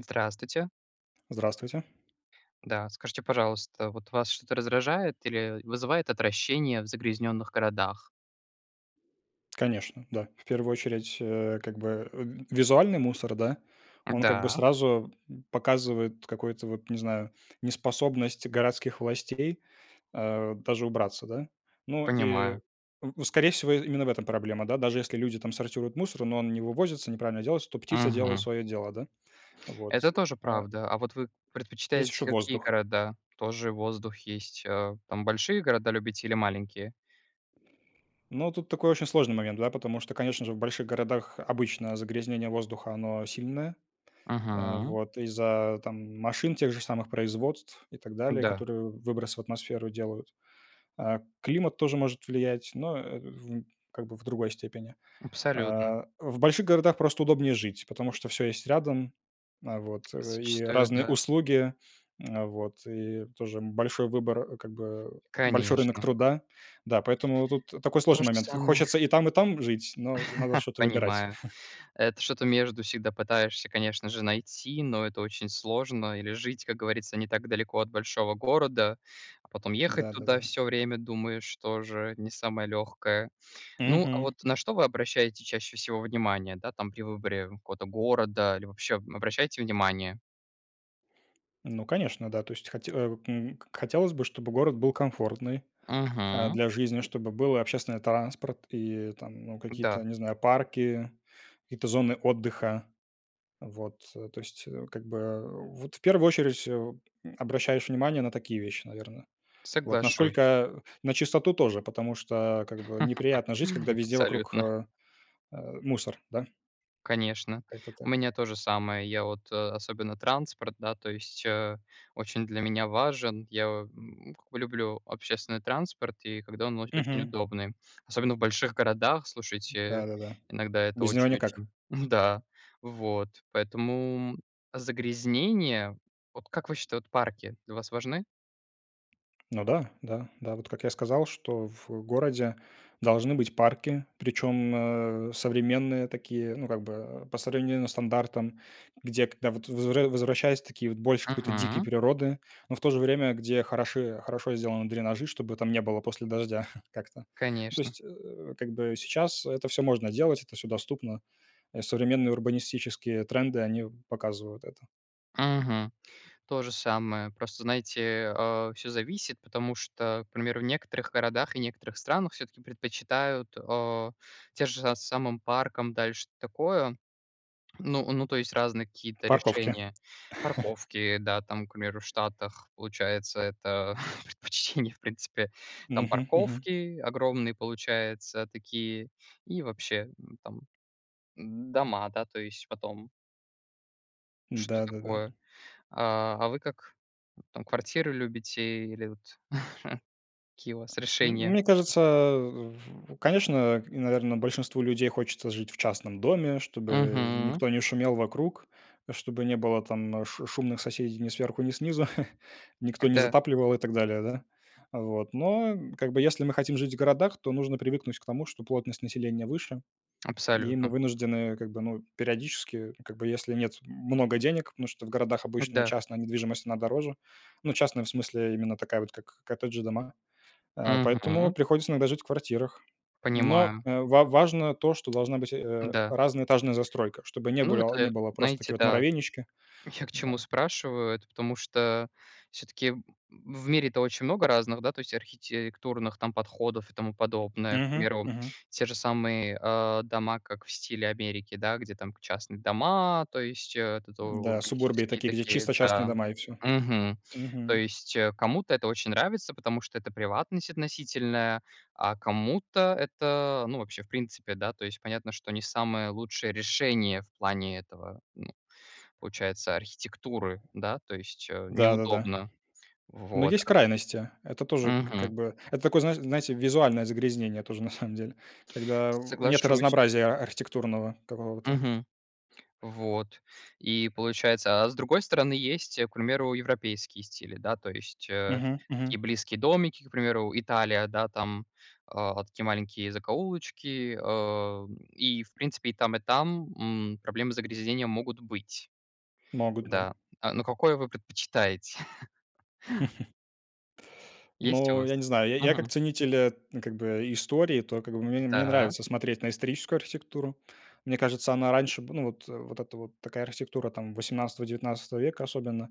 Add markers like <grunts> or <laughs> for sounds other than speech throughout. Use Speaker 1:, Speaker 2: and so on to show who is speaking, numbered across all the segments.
Speaker 1: Здравствуйте.
Speaker 2: Здравствуйте.
Speaker 1: Да. Скажите, пожалуйста, вот вас что-то раздражает или вызывает отвращение в загрязненных городах?
Speaker 2: Конечно, да. В первую очередь, э, как бы, э, визуальный мусор, да. Он как бы
Speaker 1: М-да.
Speaker 2: сразу показывает какой-то вот, не знаю, неспособность городских властей, а, даже убраться, да. Ну и
Speaker 1: Понимаю.
Speaker 2: в скорее всего именно в этом проблема, да. Даже если люди там сортируют мусор, но он не вывозится, неправильно делается, то птицы делают
Speaker 1: Мгм.
Speaker 2: свое дело, да? Вот,
Speaker 1: Это тоже
Speaker 2: а
Speaker 1: правда. А вот вы
Speaker 2: Есть
Speaker 1: предпочитаете
Speaker 2: еще
Speaker 1: какие
Speaker 2: воздух.
Speaker 1: города? Тоже воздух есть А, там большие города любите или маленькие?
Speaker 2: Но тут такой очень сложный момент, да, потому что, конечно же, в больших городах обычно загрязнение воздуха, оно сильное. А,
Speaker 1: Мгм.
Speaker 2: вот из-за, там, машин тех же самых, производств и так далее,
Speaker 1: Да.
Speaker 2: которые выброс в атмосферу делают. А, климат тоже может влиять, но, э, в как бы в другой степени.
Speaker 1: Абсолютно.
Speaker 2: А, в больших городах просто удобнее жить, потому что всё есть рядом. А, вот. И
Speaker 1: Зачастую,
Speaker 2: разные
Speaker 1: да.
Speaker 2: услуги, а, вот, и тоже, м, большой выбор, а, как бы, большой рынок
Speaker 1: Конечно.
Speaker 2: труда. Да. Поэтому тут такой
Speaker 1: То
Speaker 2: сложный
Speaker 1: же
Speaker 2: момент.
Speaker 1: самое.
Speaker 2: Хочется и там, и там жить, но надо
Speaker 1: <laughs>
Speaker 2: что-то выбирать.
Speaker 1: Понимаю. Это что-то между всегда пытаешься, конечно же, найти, но это очень сложно или жить, как говорится, не так далеко от большого города, а, потом ехать
Speaker 2: Да, да,
Speaker 1: туда
Speaker 2: да.
Speaker 1: всё время, думаешь, тоже не самое легкое. Ну, а
Speaker 2: Мгм.
Speaker 1: вот, на что вы обращаете чаще всего внимание, да, там при выборе какого-то города или вообще обращаете внимание?
Speaker 2: Ну, конечно, да, то есть хоть а, м, к хотелось бы, чтобы город был комфортный, а,
Speaker 1: Мгм.
Speaker 2: для жизни, чтобы был и общественный транспорт, и там, ну какие-то,
Speaker 1: Да.
Speaker 2: не знаю, парки, какие-то зоны отдыха. Вот, то есть, э, как бы Вот в первую очередь, э, м, обращаешь внимание на такие вещи, наверно. Вот
Speaker 1: Соглашусь.
Speaker 2: насколько на чистоту тоже, потому что как бы неприятно жить, когда
Speaker 1: <laughs>
Speaker 2: везде вокруг,
Speaker 1: Абсолютно.
Speaker 2: а, а, мусор, да.
Speaker 1: Конечно,
Speaker 2: Как-то
Speaker 1: у
Speaker 2: так.
Speaker 1: меня то же самое, я вот, э, особенно транспорт, да, то есть, э, очень для меня важен. Я, м, как бы люблю общественный транспорт, и когда он оч очень
Speaker 2: Мгм.
Speaker 1: удобный, особенно в больших городах, слушайте,
Speaker 2: Да-да-да.
Speaker 1: иногда это
Speaker 2: Без него никак.
Speaker 1: очень-очень <chuckles> Да, вот, поэтому загрязнения, вот, как вы счита вот парки для вас важны?
Speaker 2: Ну да, да, да. Вот как я сказал, что в городе должны быть парки, причем, э, современные такие, ну как бы по современным стандартам, где когда вот возвра возвращаясь такие вот больше какой-то дикий
Speaker 1: Мгм.
Speaker 2: природы, но в то же время где хороши хорошо сделаны дренажи, чтобы там не было после дождя <chuckles> как-то. Ну то
Speaker 1: Конечно!
Speaker 2: есть, э, как бы сейчас это всё можно делать, это всё доступно. И современные урбанистические тренды они показывают это.
Speaker 1: Мгм. То же самое. Просто, знаете, а, всё зависит, потому что, к примеру, в некоторых городах и некоторых странах всё-таки предпочитают, а, те же, а, самым паркам, дальше такое Ну ну, то есть разные какие-то
Speaker 2: Парковки.
Speaker 1: решения.
Speaker 2: <chuckles>
Speaker 1: Парковки, да, там к примеру, в Штатах, получается, это предпочтение, в принципе. Там
Speaker 2: Мгм. Мгм.
Speaker 1: парковки огромные, получается, такие, и вообще, там дома, да, то есть потом. Что
Speaker 2: Да-да-да.
Speaker 1: такое? А, а вы как, там квартиры любите, или вот <chuckles> какие у вас
Speaker 2: М
Speaker 1: решения?
Speaker 2: мне кажется, в конечно, наверное, большинству людей хочется жить в частном доме, чтобы
Speaker 1: Мгм.
Speaker 2: никто не шумел вокруг, чтобы не было, там ш шумных соседей ни сверху, ни снизу, <chuckles>
Speaker 1: О
Speaker 2: никто не
Speaker 1: да.
Speaker 2: затапливал и так далее, да. Вот, но как бы, если мы хотим жить в городах, то нужно привыкнуть к тому, что плотность населения выше. И мы
Speaker 1: Абсолютно.
Speaker 2: вынуждены, как бы, ну, периодически, как бы, если нет много денег, потому что в городах
Speaker 1: О
Speaker 2: обычно
Speaker 1: да!
Speaker 2: частная недвижимость, она дороже. Ну, частная в смысле, именно такая вот как коттеджи дома. А, поэтому
Speaker 1: Мгм.
Speaker 2: приходится иногда жить в квартирах, но,
Speaker 1: Понимаю.
Speaker 2: э, ва важно то, что должна быть, э,
Speaker 1: Н-да.
Speaker 2: разная этажная застройка, чтобы не
Speaker 1: Ну
Speaker 2: было
Speaker 1: это,
Speaker 2: не было просто
Speaker 1: знаете,
Speaker 2: такие вот
Speaker 1: да.
Speaker 2: муравейнички,
Speaker 1: Я к чему
Speaker 2: да.
Speaker 1: спрашиваю это, потому что всё-таки в в мире-то очень много разных, да, то есть архитектурных там подходов, и тому подобное. К
Speaker 2: Мгм,
Speaker 1: примеру,
Speaker 2: мгм.
Speaker 1: те же самые, а, дома, как в стиле Америки, да. Где там к частные дома, то есть, этот у
Speaker 2: Да, субурбии
Speaker 1: урбанистические
Speaker 2: такие, где
Speaker 1: такие,
Speaker 2: чисто частные
Speaker 1: да.
Speaker 2: дома и всё.
Speaker 1: Мгм. То
Speaker 2: Мгм.
Speaker 1: есть кому-то это очень нравится, потому что это приватность относительная, а кому-то это ну, вообще в принципе, да то есть понятно, что не самое лучшее решение в плане этого, ну, получается архитектуры. Да, то есть, э,
Speaker 2: Да-да-да.
Speaker 1: неудобно,
Speaker 2: Но
Speaker 1: вот.
Speaker 2: есть крайности, это тоже, к
Speaker 1: Мгм.
Speaker 2: как бы это, это такое знаешь знаете, визуальное загрязнение тоже, на самом деле, когда нет
Speaker 1: Соглашусь.
Speaker 2: разнообразия, а архитектурного какого-то.
Speaker 1: Мгм, вот и получается, а с другой стороны, есть, к примеру, европейские стили, да, то есть, э,
Speaker 2: Мгм, мгм.
Speaker 1: такие близкие домики к примеру: Италия да там, э, такие маленькие закоулочки, э, и в принципе, и там и там, м, проблемы загрязнения могут быть.
Speaker 2: Могут, да.
Speaker 1: Да, а, но какое вы предпочитаете? <laughs>
Speaker 2: <laughs>
Speaker 1: Есть у
Speaker 2: Ну, я
Speaker 1: вас?
Speaker 2: не знаю, я я как
Speaker 1: Мгм.
Speaker 2: ценитель, э, т как бы, истории, то как бы, мне мне
Speaker 1: Да.
Speaker 2: нравится смотреть на историческую архитектуру. Мне кажется, она раньше был, ну вот вот это вот такая архитектура там 18-19 века особенно,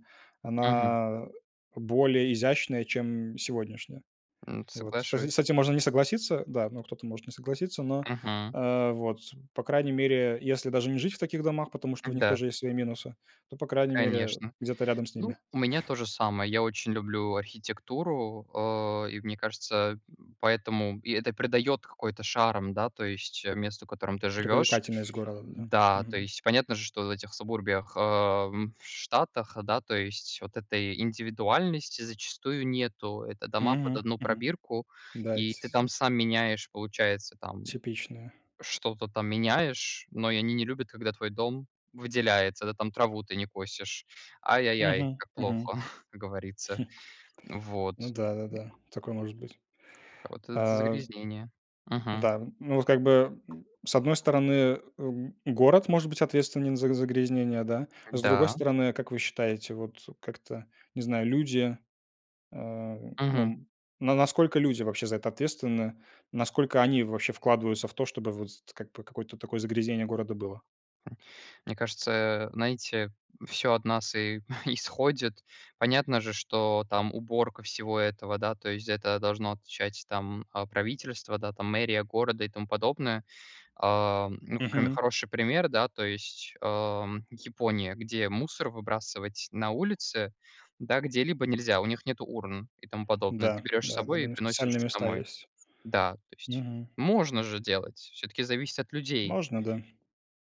Speaker 1: Мгм.
Speaker 2: она более изящная, чем сегодняшняя.
Speaker 1: М,
Speaker 2: Вот, с с
Speaker 1: соглашусь.
Speaker 2: этим можно не согласиться, да, ну кто-то может не согласиться, но,
Speaker 1: Мгм.
Speaker 2: э, вот, по крайней мере, если даже не жить в таких домах, потому что
Speaker 1: Ну
Speaker 2: у них
Speaker 1: да.
Speaker 2: тоже есть свои минусы, то по крайней мере
Speaker 1: Конечно.
Speaker 2: где-то рядом с
Speaker 1: Ну,
Speaker 2: ними.
Speaker 1: у меня то же самое. Я очень люблю архитектуру, э, и мне кажется, поэтому и это придаёт какой-то шарм, да, то есть месту, в котором ты живешь.
Speaker 2: Привлекательность города, да,
Speaker 1: Да, то
Speaker 2: мгм.
Speaker 1: есть понятно же, что в этих сабурбиях, э, в Штатах, да, то есть вот этой индивидуальности, зачастую, нету. Это дома под
Speaker 2: Мгм,
Speaker 1: одну
Speaker 2: мгм,
Speaker 1: пробирку,
Speaker 2: да.
Speaker 1: и ты там
Speaker 2: <unintelligible>
Speaker 1: сам меняешь, получается, там,
Speaker 2: Типичная.
Speaker 1: что-то там меняешь, но они не любят, когда твой дом выделяется. Да, там траву ты не косишь. Ай ай ай,
Speaker 2: Мгм.
Speaker 1: как
Speaker 2: Мгм.
Speaker 1: плохо,
Speaker 2: <chuckles>
Speaker 1: <chuckles> как говорится, вот.
Speaker 2: Ну да-да-да, такое может быть,
Speaker 1: А вот это-
Speaker 2: э
Speaker 1: загрязнение, мгм.
Speaker 2: Да, ну вот как бы, с одной стороны, эм, город может быть ответственен за загрязнение, да. А с другой
Speaker 1: Да.
Speaker 2: стороны, как вы считаете, вот, как-то, не знаю, люди, э, ну,
Speaker 1: Мгм.
Speaker 2: м, ну насколько люди вообще за это ответственны, насколько они вообще вкладываются в то, чтобы, вот, как бы какое-то такое загрязнение города было?
Speaker 1: М, мне кажется, э, знаете, всё от нас и <chuckles> исходит. Понятно же, что там уборка всего этого, да, то есть- это должно отвечать там, а, правительство, да, там мэрия города, и тому подобное. А, ну, прям
Speaker 2: Мгм.
Speaker 1: хороший пример, да то есть, а, Япония. Где мусор выбрасывать на улице, да, где-либо нельзя. У них нету урн, и тому подобное.
Speaker 2: Да,
Speaker 1: Ты берешь с
Speaker 2: да, да,
Speaker 1: собой
Speaker 2: у
Speaker 1: и
Speaker 2: них
Speaker 1: приносишь
Speaker 2: специальные места
Speaker 1: домой.
Speaker 2: есть.
Speaker 1: Да, то есть
Speaker 2: Мгм.
Speaker 1: можно же делать. Всё-таки зависит от людей.
Speaker 2: Можно, да.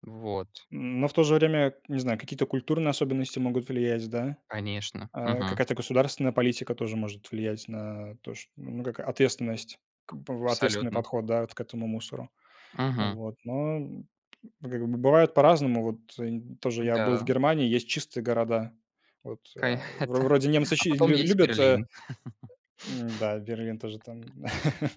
Speaker 1: Вот.
Speaker 2: Но в то же время, я не знаю, какие-то культурные особенности могут влиять, да.
Speaker 1: Конечно,
Speaker 2: А,
Speaker 1: мгм.
Speaker 2: какая-то государственная политика тоже может влиять на то что, ну, как ответственность, как бы, в ответственный
Speaker 1: Абсолютно.
Speaker 2: подход, да, вот к этому мусору.
Speaker 1: Мгм.
Speaker 2: Вот, но, как бы, ну, бывает по-разному. Вот, э, нь тоже, я был в
Speaker 1: Да.
Speaker 2: Германии, есть чистые города, вот, а, и, вро вроде немцы
Speaker 1: <unintelligible> А
Speaker 2: чи
Speaker 1: потом
Speaker 2: лю
Speaker 1: есть
Speaker 2: любят, а
Speaker 1: Берлин.
Speaker 2: Н да, Берлин тоже там, да. <laughs>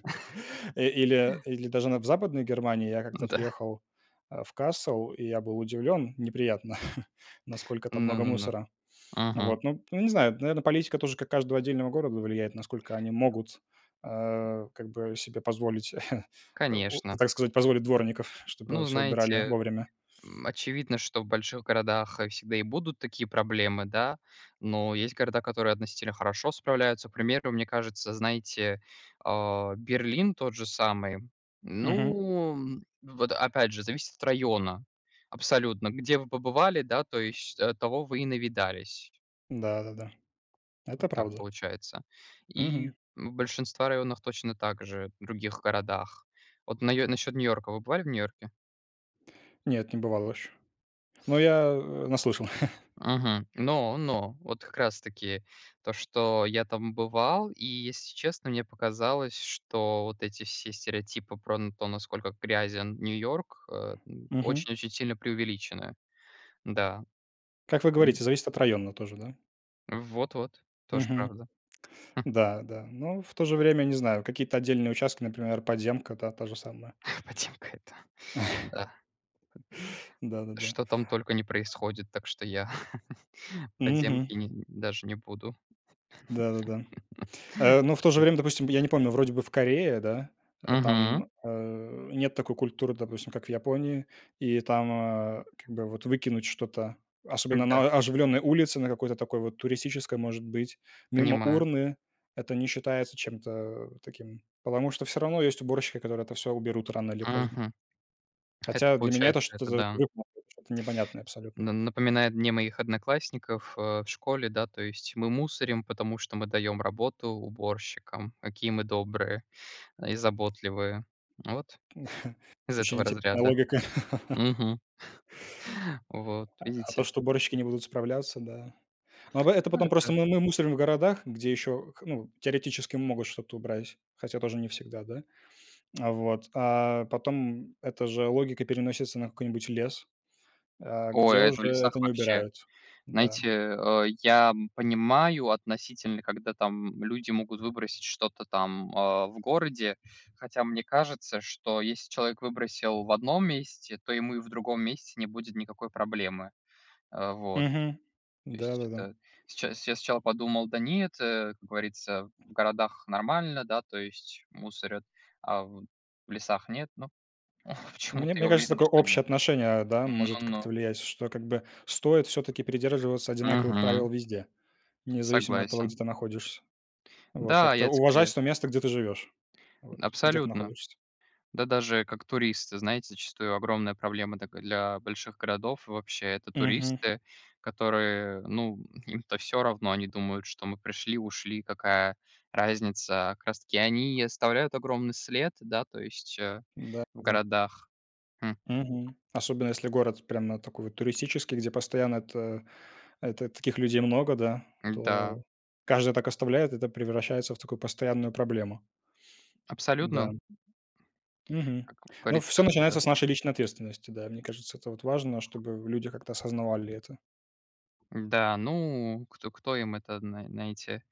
Speaker 2: И или или даже на Западной Германии я как-то
Speaker 1: Н-да.
Speaker 2: приехал, э, в Кассеу, и я был удивлен, неприятно, <chuckles> насколько там
Speaker 1: Ну
Speaker 2: много
Speaker 1: ну ну,
Speaker 2: мусора.
Speaker 1: мгм.
Speaker 2: Вот, ну ну, не знаю, наверное, политика тоже как каждого отдельного города влияет насколько они могут, э, как бы себе позволить, <chuckles>
Speaker 1: Конечно.
Speaker 2: так сказать, позволить дворников, чтобы
Speaker 1: Ну,
Speaker 2: всё убирали
Speaker 1: знаете,
Speaker 2: вовремя.
Speaker 1: м, очевидно, что в больших городах, э, всегда и будут такие проблемы, да, но есть города, которые относительно хорошо справляются. К примеру, мне кажется, знаете, э, Берлин тот же самый.
Speaker 2: Мгм.
Speaker 1: Ну, вот опять же, зависит от района. Абсолютно, где вы побывали, да. То есть, э, того вы и навидались.
Speaker 2: Да-да-да.
Speaker 1: Вот
Speaker 2: Это
Speaker 1: так
Speaker 2: правда.
Speaker 1: получается и,
Speaker 2: Мгм.
Speaker 1: ну, большинство районов точно также, в других городах. Вот наё насчет Нью-Йорка, вы бывали в Нью-Йорке?
Speaker 2: Нет, не бывал еще. Но я наслышан. <laughs>
Speaker 1: Мгм, но но вот как раз таки то, что я там бывал. И, если честно, мне показалось, что вот эти все стереотипы про н то, насколько грязен Нью-Йорк, э, н
Speaker 2: Мгм.
Speaker 1: очень очень сильно преувеличены. Да.
Speaker 2: Как вы
Speaker 1: Мгм.
Speaker 2: говорите, зависит от района тоже, да?
Speaker 1: Вот вот, тоже
Speaker 2: Мгм.
Speaker 1: правда. <chuckles>
Speaker 2: Да-да, но в то же время, не знаю, какие-то отдельные участки, например, подземка, да, та же самая.
Speaker 1: Подземка- это, да,
Speaker 2: <laughs>
Speaker 1: под
Speaker 2: Да-да-да.
Speaker 1: Что там только не происходит, так что я, <laughs>
Speaker 2: Мгм.
Speaker 1: подземки ни даже не буду.
Speaker 2: Да-да-да. Э,
Speaker 1: <laughs>
Speaker 2: но в то же
Speaker 1: Так ведь.
Speaker 2: время, допустим, я не помню, вроде бы в Корее, да, э,
Speaker 1: Мгм.
Speaker 2: там, э, нет такой культуры, допустим, как в Японии, и там, а, как бы вот выкинуть что-то, особенно
Speaker 1: Да.
Speaker 2: на а оживленной улице, на какой-то туристической, может быть, мимо
Speaker 1: Понимаю.
Speaker 2: урны это не считается чем-то таким. Потому что всё равно есть уборщики, которые это всё уберут рано или поздно.
Speaker 1: Мгм. Это
Speaker 2: Хотя для меня
Speaker 1: получается,
Speaker 2: это
Speaker 1: это
Speaker 2: что-то,
Speaker 1: да.
Speaker 2: <unintelligible> что-то непонятное абсолютно.
Speaker 1: На напоминает мне моих одноклассников, а, в школе, да, то есть мы мусорим, потому что мы даём работу уборщикам, какие мы добрые, а, и заботливые. Вот
Speaker 2: <chuckles>
Speaker 1: <chuckles> из
Speaker 2: Очень
Speaker 1: этого
Speaker 2: интересная
Speaker 1: разряда.
Speaker 2: логика.
Speaker 1: Мгм. <chuckles> Вот,
Speaker 2: А, а то,
Speaker 1: видите.
Speaker 2: что уборщики не будут справляться, да. Но это
Speaker 1: Ну,
Speaker 2: потом просто
Speaker 1: это
Speaker 2: мы мы мусорим в городах, где ещё, к ну, теоретически могут что-то убрать, хотя тоже не всегда, да. Вот, а потом эта же логика переносится на какой-нибудь лес, э,
Speaker 1: Ой,
Speaker 2: где
Speaker 1: это в
Speaker 2: уже это
Speaker 1: лесах
Speaker 2: не
Speaker 1: вообще.
Speaker 2: убирают, да.
Speaker 1: Знаете, э, я, м, понимаю, относительно, когда, там люди могут выбросить, что-то там, э, в городе, хотя мне кажется, что если человек выбросил в одном месте, то ему и в другом месте не будет никакой проблемы, а, вот.
Speaker 2: Мгм,
Speaker 1: То есть
Speaker 2: да-да-да.
Speaker 1: это сча я сначала подумал: "Да нет, э, как говорится, в городах нормально, да то есть мусорят, а в лесах нет". Но почему-то
Speaker 2: Мне
Speaker 1: я
Speaker 2: мне кажется
Speaker 1: уверен,
Speaker 2: такое
Speaker 1: что нет.
Speaker 2: общее отношение, да.
Speaker 1: Ну
Speaker 2: Может как-то
Speaker 1: ну.
Speaker 2: влиять, что, как бы стоит всё-таки придерживаться одинаковых
Speaker 1: Мгм.
Speaker 2: правил везде. Независимо от того,
Speaker 1: Согласен.
Speaker 2: где ты находишься. Вот,
Speaker 1: Да,
Speaker 2: как-то
Speaker 1: я те <unintelligible>
Speaker 2: уважать то место, где ты живёшь, вот, где ты
Speaker 1: Абсолютно!
Speaker 2: находишься.
Speaker 1: Да, даже как туристы, знаете, зачастую огромная проблема такая для больших городов, вообще, это
Speaker 2: Мгм.
Speaker 1: туристы, которые, ну, им-то всё равно, они думают, что мы пришли и ушли, какая разница. А как раз таки, они и оставляют огромный след, да, то есть, э,
Speaker 2: Да
Speaker 1: в
Speaker 2: да.
Speaker 1: городах. Хм.
Speaker 2: Мгм, особенно, если город прямо такой, вот, туристический, где постоянно, эта, э, та таких людей много, да.
Speaker 1: Да.
Speaker 2: То каждый так оставляет, это превращается в такую постоянную проблему.
Speaker 1: Абсолютно.
Speaker 2: Да. Мгм.
Speaker 1: Как
Speaker 2: Ну, всё
Speaker 1: говорится.
Speaker 2: начинается с нашей личной ответственности, да. Мне кажется, это вот важно, чтобы люди как-то осознавали это.
Speaker 1: Да, ну кто кто им это зна знаете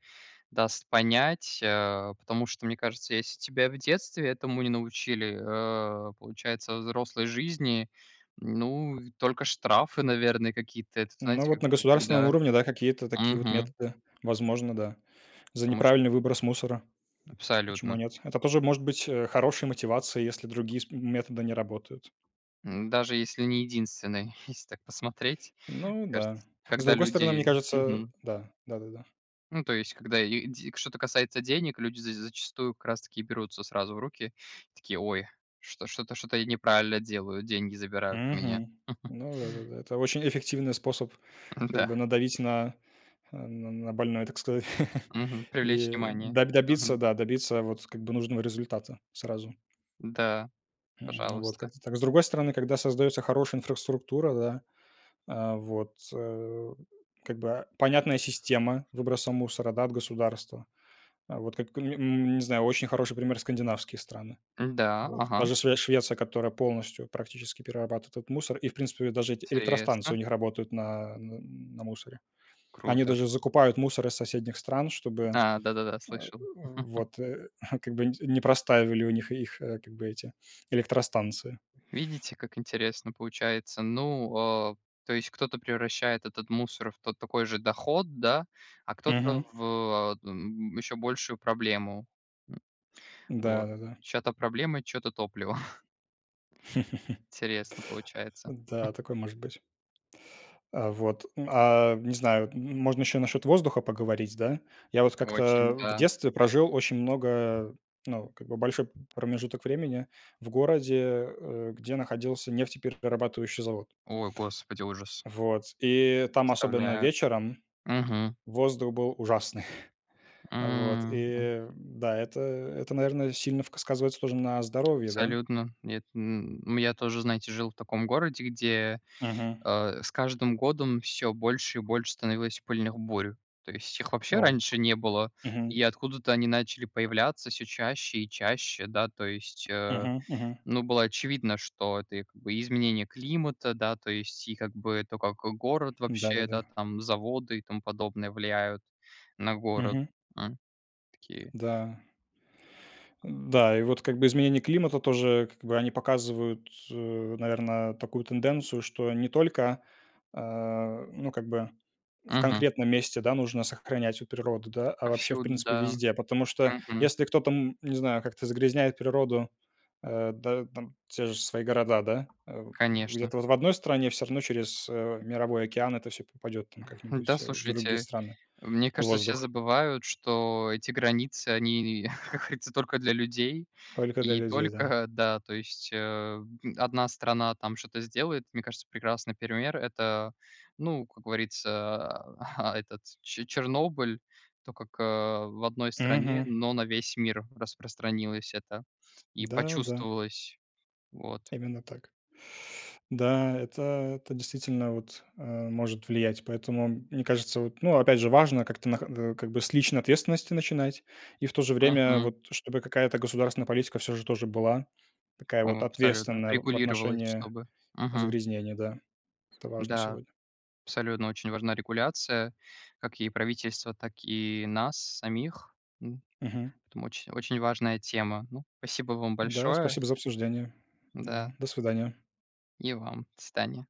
Speaker 1: даст понять, э, потому что мне кажется, если тебя в детстве этому не научили, э, получается взрослой жизни, ну, и только штрафы, наверное, какие-то. Это, вот,
Speaker 2: Ну
Speaker 1: знаете
Speaker 2: вот
Speaker 1: как
Speaker 2: на
Speaker 1: как,
Speaker 2: государственном
Speaker 1: да.
Speaker 2: уровне да, какие-то такие вот
Speaker 1: Мгм.
Speaker 2: методы, возможно, да. За
Speaker 1: То может.
Speaker 2: неправильный выброс мусора, почему
Speaker 1: Абсолютно.
Speaker 2: нет? Это тоже может быть, э, хорошей мотивацией, если другие сп методы не работают.
Speaker 1: М, даже если не единственный. <chuckles> Если так посмотреть, мне
Speaker 2: Ну да.
Speaker 1: кажется,
Speaker 2: С
Speaker 1: когда
Speaker 2: другой стороны, мне
Speaker 1: люди
Speaker 2: кажется,
Speaker 1: Мгм.
Speaker 2: да, да-да-да.
Speaker 1: Ну, то есть, когда лиде что-то касается денег, люди з зачастую как раз таки берутся сразу в руки и такие: "Ой, что-то что-то я неправильно делаю, деньги забирают у меня".
Speaker 2: Мгм,
Speaker 1: <chuckles>
Speaker 2: ну да-да-да, это очень эффективный способ,
Speaker 1: Н
Speaker 2: как
Speaker 1: да.
Speaker 2: бы, надавить на, э, на на больное, так сказать, <chuckles>
Speaker 1: Мгм, привлечь
Speaker 2: и
Speaker 1: внимание,
Speaker 2: до добиться,
Speaker 1: мгм.
Speaker 2: да, добиться, вот как бы, нужного результата сразу.
Speaker 1: Да,
Speaker 2: Ну вот,
Speaker 1: пожалуйста.
Speaker 2: как-то так. С другой стороны, когда создается хорошая инфраструктура, да, а, вот, а, как бы, понятная система выброса мусора, да, от государства. Вот как или, м, не знаю очень хороший пример скандинавские страны,
Speaker 1: М-да,
Speaker 2: вот. Та
Speaker 1: ага.
Speaker 2: же Шве Швеция, которая полностью практически перерабатывает этот мусор, и, в принципе, даже эти электростанции
Speaker 1: Интересно.
Speaker 2: у них работают на, м, на на мусоре. Они
Speaker 1: Круто.
Speaker 2: даже закупают мусор из соседних стран, чтобы,
Speaker 1: А, да-да-да,
Speaker 2: э,
Speaker 1: слышал. <laughs>
Speaker 2: вот <chuckles> как бы, не не простаивали у них их, как бы, эти электростанции.
Speaker 1: Видите, как интересно получается, ну, э, то есть кто-то превращает этот мусор в тот такой же доход, да, а кто-то
Speaker 2: Мгм.
Speaker 1: в, э, т н ещё большую проблему. <grunts> Вот,
Speaker 2: Да-да-да.
Speaker 1: чё-то проблемы, чё-то топливо. <chuckles>
Speaker 2: <laughs>
Speaker 1: Интересно получается. <chuckles>
Speaker 2: Да, такое может быть. А, вот, а, не знаю, можно ещё насчет воздуха поговорить, да. Я вот как-то
Speaker 1: Очень,
Speaker 2: в
Speaker 1: да.
Speaker 2: детстве прожил очень много, ну, как бы, большой п промежуток времени в городе, э, где находился нефтеперерабатывающий завод.
Speaker 1: Ой, господи, ужас!
Speaker 2: Вот, и там, особенно
Speaker 1: Представляю,
Speaker 2: вечером,
Speaker 1: мгм.
Speaker 2: воздух был ужасный. <chuckles> Вот
Speaker 1: М.
Speaker 2: и, да, это это, наверное, сильно вк сказывается тоже на здоровье, да.
Speaker 1: Абсолютно! Нет, м, у меня тоже, знаете, жил в таком городе, где,
Speaker 2: Мгм.
Speaker 1: э, с каждым годом всё больше и больше становилось пыльных бурь. То есть их вообще
Speaker 2: О,
Speaker 1: раньше не было,
Speaker 2: мгм.
Speaker 1: и откуда-то они начали появляться всё чаще и чаще. Да, то есть, э,
Speaker 2: Мгм, мгм.
Speaker 1: ну, было очевидно, что это, и как бы, и изменения климата, да, то есть, и как бы, и то, как город
Speaker 2: М,
Speaker 1: вообще,
Speaker 2: да-да-да.
Speaker 1: да, там и заводы, и тому подобное влияют на город,
Speaker 2: Мгм.
Speaker 1: хм, такие.
Speaker 2: Да. М да, и вот, как бы изменения климата, тоже, как бы, они показывают, э, наверное, такую тенденцию, что не только, а, ну как бы, в
Speaker 1: Мгм.
Speaker 2: конкретном месте, да, нужно сохранять природу, да, а вообще, в
Speaker 1: Повсюду,
Speaker 2: принципе,
Speaker 1: да.
Speaker 2: везде, потому что
Speaker 1: Мгм.
Speaker 2: если кто-то, м, не знаю, как-то загрязняет природу, э, да да, там те же свои города, да, э,
Speaker 1: Конечно.
Speaker 2: где-то в одной стране всё равно через, э, мировой океан это всё попадет там
Speaker 1: Да,
Speaker 2: как-нибудь, в другие
Speaker 1: слушайте,
Speaker 2: страны,
Speaker 1: мне
Speaker 2: и
Speaker 1: кажется, все
Speaker 2: воздух.
Speaker 1: забывают, что эти границы, они, <laughs> как говорится, только для людей,
Speaker 2: Только для
Speaker 1: и
Speaker 2: людей, да.
Speaker 1: только, да, то есть, э, одна страна там что-то сделает. Мне кажется, прекрасный пример- это, ну, как говорится, а, этот, че Чернобыль, то, как, э, в одной стране,
Speaker 2: Мгм.
Speaker 1: но на весь мир распространилось это, и
Speaker 2: Да да.
Speaker 1: почувствовалось, вот.
Speaker 2: Именно так. Да, это это действительно, вот, э, может влиять, поэтому, мне кажется, вот, ну опять же, важно, как-то нахо э, как бы, с личной ответственности начинать, и в то же время,
Speaker 1: Мгм.
Speaker 2: вот, чтобы какая-то государственная политика всё же тоже была такая
Speaker 1: Да,
Speaker 2: вот
Speaker 1: абсолютно,
Speaker 2: ответственная в
Speaker 1: регулировалось
Speaker 2: отношении
Speaker 1: чтобы, мгм.
Speaker 2: загрязнения, да. Это важно
Speaker 1: Да,
Speaker 2: сегодня.
Speaker 1: абсолютно очень важна регуляция, как и правительства, так и нас самих, м.
Speaker 2: Мгм.
Speaker 1: Поэтому, очень очень важная тема. Ну, спасибо вам
Speaker 2: Да,
Speaker 1: большое.
Speaker 2: спасибо за обсуждение. Да,
Speaker 1: Да.
Speaker 2: до свидания.
Speaker 1: И вам. До свидания.